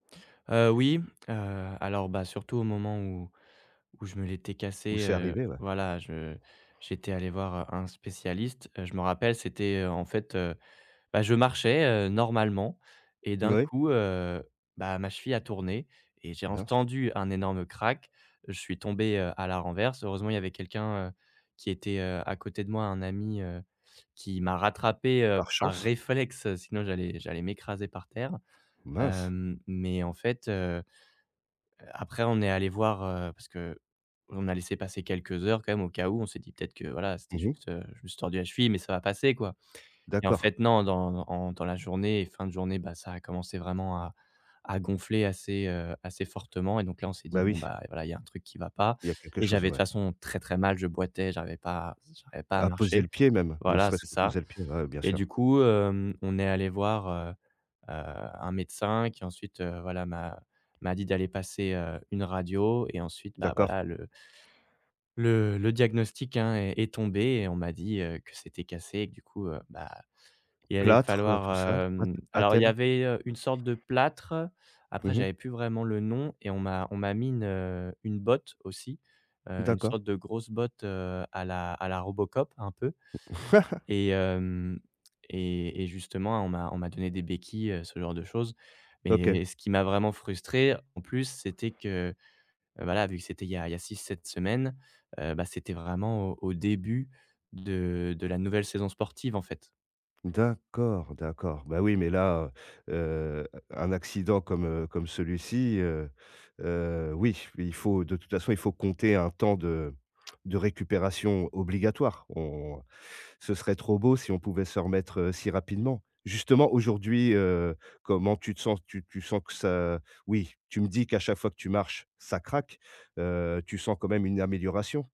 Heu, oui, heu, alors bah, surtout au moment où où je me l'étais Où cassé c'est heu, arrivé, ouais. voilà, je j'étais allé voir un spécialiste. Je me rappelle, c'était en fait, heu, bah, je marchais, heu, normalement et d'un Oui. coup, heu, bah, ma cheville a tourné et j'ai [unintelligible] entendu un énorme crack. Je suis tombé, heu, à la renverse. Heureusement, il y avait quelqu'un, heu, qui était, heu, à côté de moi, un ami, heu, qui m'a rattrapé, heu, Par par chance. réflexe, sinon j'allais j'allais m'écraser par terre. Mince! Hem, mais en fait, heu après on est allé voir heu, parce qu'on a laissé passer quelques heures quand même au cas où on s'est dit: «Peut-être que voilà» c'était Mmh mh. juste, heu, je me suis juste, heu, tordu la cheville, mais ça va passer quoi, et en D'accord. fait non, dans en dans la journée et fin de journée, bah, ça a commencé vraiment à à gonfler assez heu, assez fortement, et donc là on s'est dit Bah bon oui. ben voilà, il y a un truc qui va pas, Il y a quelque et chose, j'avais de toute ouais. façon très, très mal, je boitais, j'arrivais pas à j'arrivais pas à À poser le marcher pied même, ne voilà, c'est serait-ce que ça, poser le pied, ouais bien et du sûr. coup hem, on est allé voir, heu heu, un médecin qui ensuite, heu, voilà m'a m'a dit d'aller passer, heu, une radio et ensuite, bah, D'accord. voilà le le le diagnostic, hein est est tombé et on m'a dit, heu, que c'était cassé et que du coup, heu, bah, il allait Plâtre, heu tout ça, falloir [unintelligible] hem, alors il y attelle. avait une sorte de plâtre. Après, Mmh mh. j'avais plus vraiment le nom et on m'a on m'a mis une, heu, une botte aussi, heu, une D'accord. sorte de grosse botte, heu, à la à la Robocop un peu, et hem, et et justement, on m'a on m'a donné des béquilles, heu, ce genre de choses, OK. mais ce qui m'a vraiment frustré en plus, c'était que voilà, vu que c'était il y a il y a 6-7 semaines, heu, bah, c'était vraiment au au début de de la nouvelle saison sportive en fait. D'accord, d'accord, bah oui mais là, heu heu, un accident comme, heu, comme celui-ci, heu heu, oui il faut de toute façon il faut compter un temps de de récupération obligatoire, on ce serait trop beau si on pouvait se remettre, heu, si rapidement. Justement aujourd'hui, heu, comment tu te sens, tu tu sens que ça oui tu me dis qu'à chaque fois que tu marches ça craque, heu, tu sens quand même une amélioration?